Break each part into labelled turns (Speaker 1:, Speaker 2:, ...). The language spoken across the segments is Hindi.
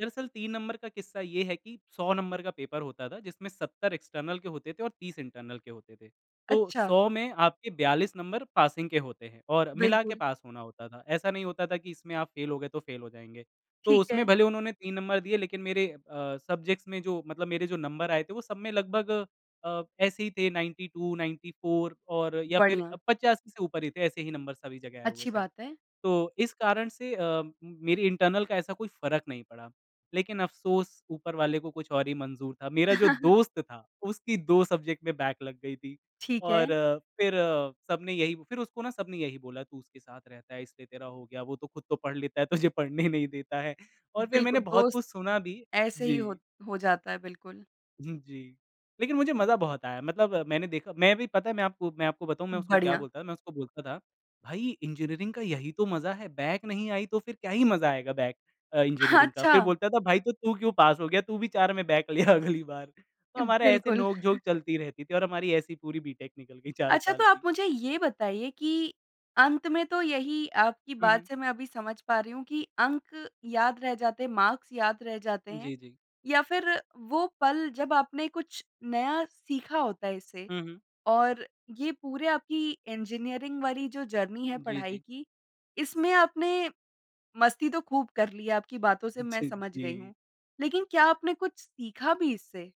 Speaker 1: दरअसल 3 नंबर का किस्सा ये है कि 100 नंबर का पेपर होता था जिसमें 70 एक्सटर्नल के होते थे और 30 इंटरनल के होते थे। तो
Speaker 2: अच्छा।
Speaker 1: 100 में आपके 42 नंबर पासिंग के होते हैं और मिला के
Speaker 2: बिल्कुल।
Speaker 1: पास होना होता था। ऐसा नहीं होता था कि इसमें आप फ़ेल हो गए तो फ़ेल हो जाएँगे। तो
Speaker 2: ठीक
Speaker 1: उसमें
Speaker 2: है।
Speaker 1: भले उन्होंने 3 नंबर दिए लेक़िन मेरे अ, सब्जेक्ट्स में जो मतलब मेरे जो नंबर आए थे वो सब में लगभग अ, ऐसे ही थे 92, 94 और या फ़िर
Speaker 2: बढ़िया।
Speaker 1: 85 से ऊपर ही थे ऐसे ही नंबर सभी जगह आए हुए
Speaker 2: अच्छी
Speaker 1: थे।
Speaker 2: बात है।
Speaker 1: तो इस कारण से अ, म मेरी इंटरनल का ऐसा कोई फ़र्क नहीं पड़ा। लेक़िन अफ़सोस ऊपर वाले को कुछ और ही मंज़ूर था। मेरा जो दोस्त था उसकी 2 सब्जेक्ट में बैक लग गई थी।
Speaker 2: ठीक है।
Speaker 1: और फ़िर सबने यही फ़िर उसको ना सबने यही बोला तू उसके साथ रहता है इसलिए तेरा हो गया वो तो ख़ुद तो पढ़ लेता है तुझे पढ़ने नहीं देता है। और फ़िर
Speaker 2: बिल्कुल,
Speaker 1: मैंने बहुत
Speaker 2: दोस्त
Speaker 1: कुछ सुना भी,
Speaker 2: ऐसे ही हो
Speaker 1: जी।
Speaker 2: हो जाता है बिल्कुल।
Speaker 1: हुँ जी, लेक़िन मुझे मज़ा बहुत आया। मतलब मैंने देखा मैं भी पता है मैं आपको मैं आपको बताऊँ मैं उसको क्या
Speaker 2: बढ़िया।
Speaker 1: बोलता था मैं उसको बोलता था भई इंजीनियरिंग का यही तो मज़ा है बैक नहीं आई तो फ़िर क्या ही मज़ा आएगा बैक अ, इंजीनियरिंग का।
Speaker 2: अच्छा
Speaker 1: फ़िर बोलता था भाई तो तू क्यों पास हो गया तू भी 4 में बैक ले अगली बार। तो
Speaker 2: अ,
Speaker 1: हमारे ऐसे
Speaker 2: बिल्कुल।
Speaker 1: नोक-झोंक चलती रहती थी और हमारी ऐसी पूरी बीटेक निकल गई 4
Speaker 2: अच्छा तो,
Speaker 1: साल
Speaker 2: आप
Speaker 1: की।
Speaker 2: मुझे ये बताइए कि अंत में तो यही आपकी
Speaker 1: हुँ,
Speaker 2: बात
Speaker 1: हुँ।
Speaker 2: से मैं अभी समझ पा रही हूँ कि अंक याद रह जाते हैं, मार्क्स याद रह जाते हैं
Speaker 1: जी, जी।
Speaker 2: या फ़िर वो पल जब आपने कुछ नया सीखा होता है इससे
Speaker 1: हुँ, हुँ।
Speaker 2: और ये पूरे आपकी इंजीनियरिंग वाली जो जर्नी है
Speaker 1: जी,
Speaker 2: पढ़ाई
Speaker 1: जी।
Speaker 2: की, इसमें आपने मस्ती तो ख़ूब कर ली है आपकी बातों से मैं
Speaker 1: जी,
Speaker 2: समझ गई
Speaker 1: जी।
Speaker 2: हूँ। लेक़िन क्या आपने कुछ सीखा भी इससे?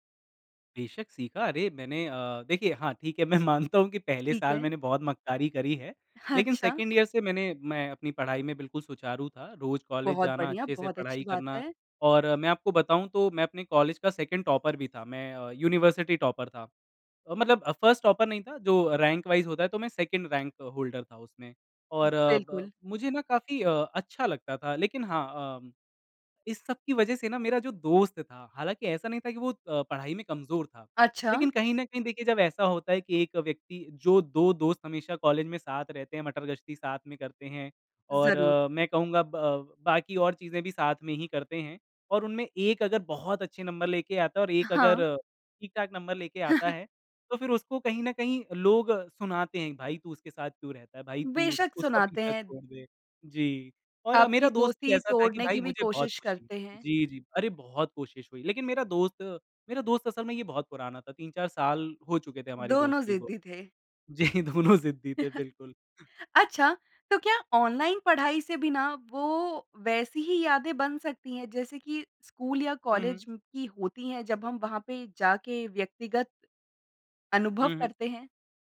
Speaker 1: बेशक सीखा। अरे मैंने अ, देखिए हाँ ठीक है मैं मानता हूँ कि पहले
Speaker 2: ठीक
Speaker 1: साल
Speaker 2: है।
Speaker 1: मैंने बहुत मक्कारी करी है। लेकिन
Speaker 2: अच्छा।
Speaker 1: 2nd ईयर से मैंने मैं अपनी पढ़ाई में बिल्कुल सुचारू था। रोज़ कॉलेज
Speaker 2: बहुत
Speaker 1: जाना,
Speaker 2: बढ़िया,
Speaker 1: अच्छे से
Speaker 2: बहुत अच्छी
Speaker 1: पढ़ाई
Speaker 2: बात
Speaker 1: करना
Speaker 2: है।
Speaker 1: और मैं आपको बताऊँ तो मैं अपने कॉलेज का 2nd टॉपर भी था मैं अ, यूनिवर्सिटी टॉपर था। मतलब अ, 1st टॉपर नहीं था जो रैंक वाइज़ होता है तो मैं 2nd रैंक होल्डर था उसमें। और अ, ब
Speaker 2: बिल्कुल।
Speaker 1: मुझे ना काफ़ी अ अच्छा लगता था लेक़िन हाँ अ, इस सब की वजह से ना मेरा जो दोस्त था हालाँकि ऐसा नहीं था कि वो अ, पढ़ाई में कमज़ोर था।
Speaker 2: अच्छा।
Speaker 1: लेक़िन कहीं न कहीं देखिए जब ऐसा होता है कि एक व्यक्ति जो 2 दोस्त हमेशा कॉलेज में साथ रहते हैं, मटरगश्ती साथ में करते हैं और
Speaker 2: ज़रूर।
Speaker 1: मैं कहूँगा ब बाकी और चीज़ें भी साथ में ही करते हैं और उनमें एक अगर बहुत अच्छे नंबर लेके आता है और एक
Speaker 2: हाँ।
Speaker 1: अगर ठीक-ठाक नंबर लेके आता है तो फ़िर उसको कहीं न कहीं लोग सुनाते हैं भाई तू उसके साथ क्यों रहता है भाई तू उ
Speaker 2: बेशक
Speaker 1: उसका
Speaker 2: सुनाते
Speaker 1: पीछा
Speaker 2: हैं।
Speaker 1: छोड़ दे। जी, और
Speaker 2: आपकी
Speaker 1: मेरा दोस्त भी
Speaker 2: दोस्ती
Speaker 1: ऐसा था कि
Speaker 2: तोड़ने
Speaker 1: भाई
Speaker 2: की भी
Speaker 1: मुझे बहुत
Speaker 2: कोशिश
Speaker 1: ख़ुशी हुई
Speaker 2: करते हैं।
Speaker 1: जी, जी। अरे बहुत कोशिश हुई लेकिन मेरा दोस्त मेरा दोस्त असल में ये बहुत पुराना था। 3-4 साल हो चुके थे हमारी
Speaker 2: दोनों
Speaker 1: दोस्ती को।
Speaker 2: ज़िद्दी थे।
Speaker 1: जी दोनों ज़िद्दी थे बिल्कुल।
Speaker 2: अच्छा, तो क्या ऑनलाइन पढ़ाई से बिना वो वैसी ही यादें बन सकती हैं जैसे कि स्कूल या
Speaker 1: हुँ, हुँ।
Speaker 2: कॉलेज म् की होती हैं जब हम वहाँ पे जाके व्यक्तिगत अनुभव
Speaker 1: हुँ, हुँ।
Speaker 2: करते हैं?